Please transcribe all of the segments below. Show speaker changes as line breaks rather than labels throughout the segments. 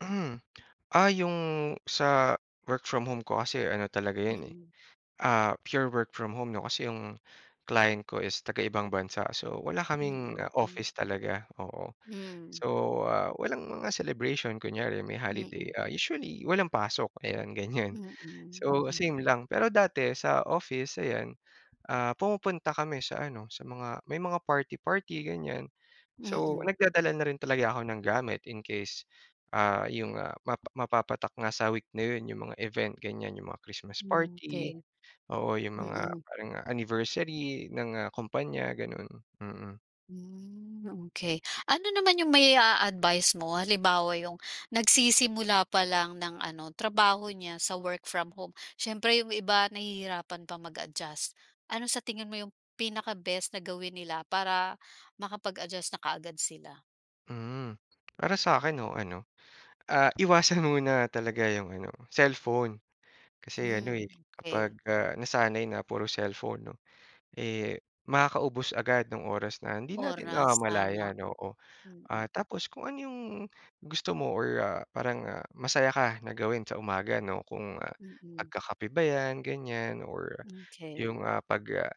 Hmm, ah, yung sa work from home ko kasi ano talaga yun eh,
Mm.
ah, pure work from home 'no kasi yung client ko is taga ibang bansa, so, wala kaming
Mm, okey.
office talaga, oo.
Mm.
So, ah, walang mga celebration kunyari may holiday
Mm.
ah, usually walang pasok ayan, ganyan.
Mm,
So
mm.
same lang, pero dati sa office ayan, ah, pumupunta kami sa ano, sa mga may mga party-party ganyan. So
Mm.
nagdadala na rin talaga ako ng gamit in case, ah, yung, ah, map mapapatak nga sa week na yun yung mga event ganyan, yung mga christmas
Hmm,
party,
okey.
oo, yung mga
Mm.
parang anniversary ng ah, kompanya ganun, mm.
Hmm, okey ano naman yung mai-aadvice mo halimbawa yung nagsisimula pa lang ng ano trabaho niya sa work from home, siyempre yung iba nahihirapan pa mag-adjust. Ano sa tingin mo yung pinaka-best na gawin nila para makapag-adjust na kaagad sila?
Mm, para sa akin no ano, ah, iwasan muna talaga yung ano, cellphone. Kasi ano
Hmm,
eh, kapag
okey.
ah, nasanay na puro cellphone 'no, eh, makakaubos agad nung oras na hindi natin
Oras, tama.
namamalayan, oo, ah,
Mm.
tapos kung ano yung gusto mo or ah, parang masaya ka na gawin sa umaga, 'no kung
Mm.
pagkakape ba yan ganyan or,
Okey.
yung ah, pag, ah,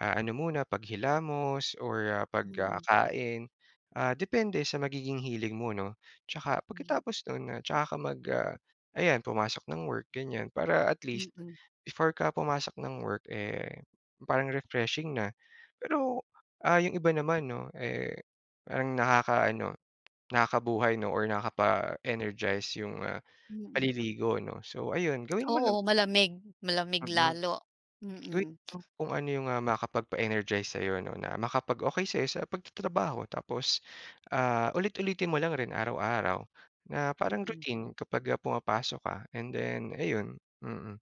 ah, ano muna paghilamos or ah, pag
Mm.
kakain, ah, depende sa magiging hilig mo 'no, saka
Mm.
pagkatapos nun ah, saka ka mag ah, ayan pumasok ng work ganyan para at least,
Mm.
before ka pumasok ng work eh, parang refreshing na. Pero ah, yung iba naman 'no eh, parang nakaka-ano, nakakabuhay 'no or nakakapa-energize yung ah,
Mm.
paliligo 'no? So ayun, gawin mo lang.
Oo malamig malamig
Mm,
lalo.
gawin
Mm.
mo lang kung ano yung ah, makapagpa-energize sayo 'no na makapag-okey sayo sa pagtatrabaho tapos, ah, ulit-ulitin mo lang rin araw-araw, na parang
Mm.
routine kapag ah, pumapasok ka and then, ayun, mm.